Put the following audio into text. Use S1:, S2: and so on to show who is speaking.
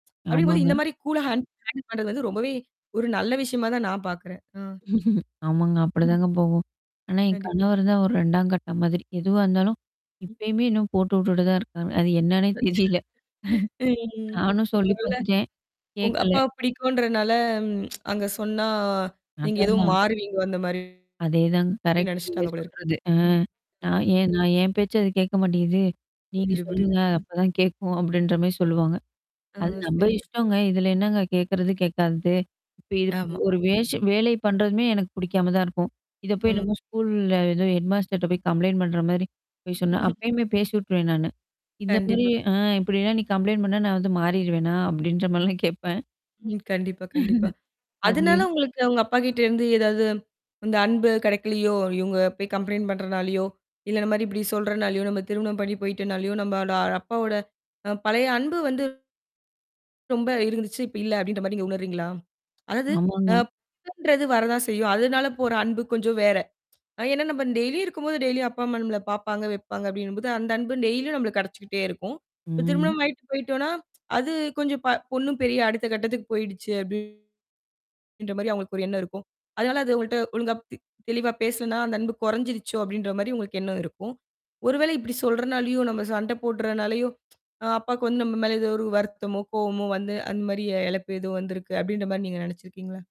S1: அப்டிங்கும்போது இந்த
S2: ஆமாங்க.
S1: மாரி கூலா ஹாண்ட் ஹாண்டில் பண்றது வந்து ரொம்பவே ஒரு நல்ல விஷயமா தான் நான் பாக்குறேன். அ.
S2: ஆமாங்க. அப்படி தாங்க போகும். ஆனா என்
S1: கண்டிப்
S2: கணவர் தான் ஒரு இரண்டாம் கட்டம் மாதிரி. எது வந்தாலும்
S1: ம்.
S2: இப்பயுமே இன்னும் போட்டுவுட்டுட்டு தான் இருக்காங்க. அது என்னான்னே தெரியல.
S1: [unintelligible] ங்.
S2: நானும் சொல்லிப்
S1: ஒருவேள.
S2: பாத்துட்டேன்.
S1: உங்க
S2: கேக்கல.
S1: அப்பா பிடிக்கும்ன்றனால அங்க சொன்னா நீங்க ஏதோ
S2: அததான்.
S1: மாறுவீங்க, அந்த மாரி
S2: அதேதாங்க. கரெக்ட் நீங்க
S1: நினைச்சிட்டாங்க போல இருக்கு.
S2: சொல்றது. ஆ.
S1: ம்.
S2: நான்
S1: ம்.
S2: ஏன் நான் ஏன் பேச்ச கேட்க மாட்டேங்குது. நீங்க
S1: புரியிது புரியிது.
S2: சொல்லுங்க.
S1: ம்.
S2: அப்பதான் கேக்கும் அப்படின்ற மாரி சொல்லுவாங்க.
S1: ஆ,
S2: அது நம்ம
S1: சரிங்க. ச
S2: இஷ்டங்க. இதுல என்னங்க கேக்குறது? கேக்காதது? இப்ப இதுப்
S1: ஆமா,
S2: ஒரு
S1: ஆமா.
S2: வேஷ வேலை பண்றதுமே எனக்குப் பிடிக்காம தான் இருக்கும். இதப்போய்
S1: ம்.
S2: என்னமோ ஸ்கூல்ல இது ஹெட்மாஸ்டர்ட்ட போய்க் கம்ப்லைண்ட் பண்ற மாரி போய் சொன்னா, அப்பயுமே பேசி வுட்ருவேன் நானு. இந்த மாரி
S1: கண்டிப்பா.
S2: அ இப்படி எல்லாம் நீ கம்ப்லைண்ட் பண்ணா நா வந்து மாறிடுவேனா அப்படின்னு எல்லாம் கேப்பேன்.
S1: ம். கண்டிப்பா கண்டிப்பா.
S2: அது
S1: அதனால உங்களுக்கு அவங்க அப்பா கிட்ட இருந்து ஏதாவது, அந்த அன்பு கிடைக்கலியோ? இவங்க கம்ப்லைன்ட் பண்றனாலயோ, இல்ல இந்த மாரி இப்படி சொல்றனாலயோ, நம்ம திருமணம் பண்ணி போயிட்டனாலயோ, நம்ம அப்பாவோட அ பழைய அன்பு வந்து ரொம்ப இருந்துச்சு. இப்ப இல்ல அப்படின்ற மாரி நீங்க உணர்றீங்களா? அதாவது நான்
S2: ஆமாங்க.
S1: கம்ப்லைன்ட்ன்றது வரத்தான் செய்யும். அதனால போற அன்பு கொஞ்சம் வேற. அ ஏன்னா நம்ம டெய்லி இருக்கும்போது டெய்லி அப்பா அம்மா நம்மள பாப்பாங்க, வைப்பாங்க அப்படின்னு அந்த அன்பு டெய்லி நம்மளுக்கு கிடைச்சுக்கிட்டே இருக்கும். இப்ப
S2: ம்.
S1: திருமணம் ஆயிட்டு போயிட்டோம்னா, அது கொஞ்சம் ப பொண்ணு பெரிய அடுத்த கட்டத்துக்குப் போயிடுச்சு அப்டி ன்ற மாரி அவங்களுக்கு ஒரு எண்ணம் இருக்கும். அதனால அது உங்கள்ட்ட ஒழுங்கா தெ தெளிவா பேசலைன்னா, அந்த அன்பு குறைஞ்சிருச்சோ அப்படின்ற மாரி உங்களுக்கு எண்ணம் இருக்கும். ஒருவேளை இப்படி சொல்றனாலயோ, நாம சண்டை போடுறனாலயோ அ அப்பாக்கு நம்ம மேல ஒரு வருத்தமோ, கோபமோ வந்து அந்த மாரி இழப்பு எதும் வந்துருக்கு அப்படின்ற மாரி நீங்க நினைச்சுருக்கீங்களா?